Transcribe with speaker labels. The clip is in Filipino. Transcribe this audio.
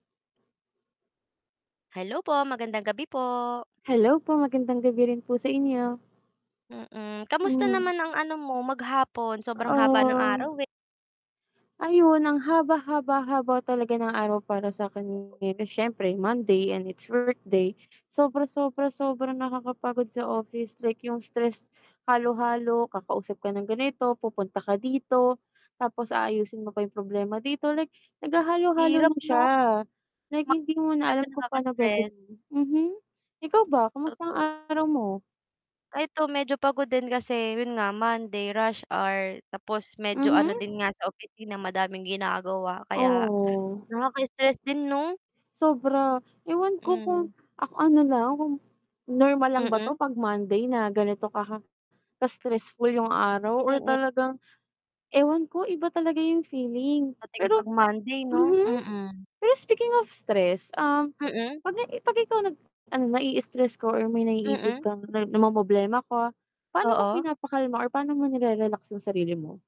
Speaker 1: Hello po, magandang gabi po.
Speaker 2: Hello po, magandang gabi rin po sa inyo.
Speaker 1: Mm, kamusta
Speaker 2: Mhm.
Speaker 1: naman ang ano mo, maghapon? Sobrang haba ng
Speaker 2: Ah.
Speaker 1: araw eh.
Speaker 2: Ayun ang haba, haba, haba, talaga ng araw para sa akin, siyempre Monday and it's workday, sobra, sobra, sobrang nakakapagod sa office like yung stress halo-halo, kakausap ka ng ganito, pupunta ka dito, tapos aayusin mo pa yung problema dito. Like naghahalo-halo
Speaker 1: Hirap
Speaker 2: na siya,
Speaker 1: 'no.
Speaker 2: na hindi mo na alam
Speaker 1: Talagang
Speaker 2: kung pa'no
Speaker 1: nakaka-stress.
Speaker 2: gagawin. Mhm. Ikaw ba,
Speaker 1: [unintelligible]
Speaker 2: kumusta ang
Speaker 1: Totoo.
Speaker 2: araw mo?
Speaker 1: Ay, eto medyo pagod din, kasi yun nga Monday, rush hour tapos medyo ano din
Speaker 2: Mhm?
Speaker 1: nga sa opisina, madaming ginagawa kaya
Speaker 2: Oo.
Speaker 1: nakaka-stress din 'no?
Speaker 2: Sobra, ewan ko kung
Speaker 1: Hmm.
Speaker 2: ak ano lang, kung normal lang ba
Speaker 1: Mm.
Speaker 2: 'to 'pag Monday na ganito ka ka-stressful yung araw, or
Speaker 1: Mm.
Speaker 2: talagang ewan ko iba talaga yung feeling
Speaker 1: Dating
Speaker 2: pero
Speaker 1: 'pag Monday 'no,
Speaker 2: mhm.
Speaker 1: mm.
Speaker 2: Pero speaking of stress, um,
Speaker 1: Mm.
Speaker 2: 'pag i 'pag ikaw nag 'pag na-i-istress ka or may naiisip
Speaker 1: Mm.
Speaker 2: kang na namomroblema ka, pa'no mo
Speaker 1: Oo.
Speaker 2: pinapakalma or pa'no mo nire-relax yung sarili mo?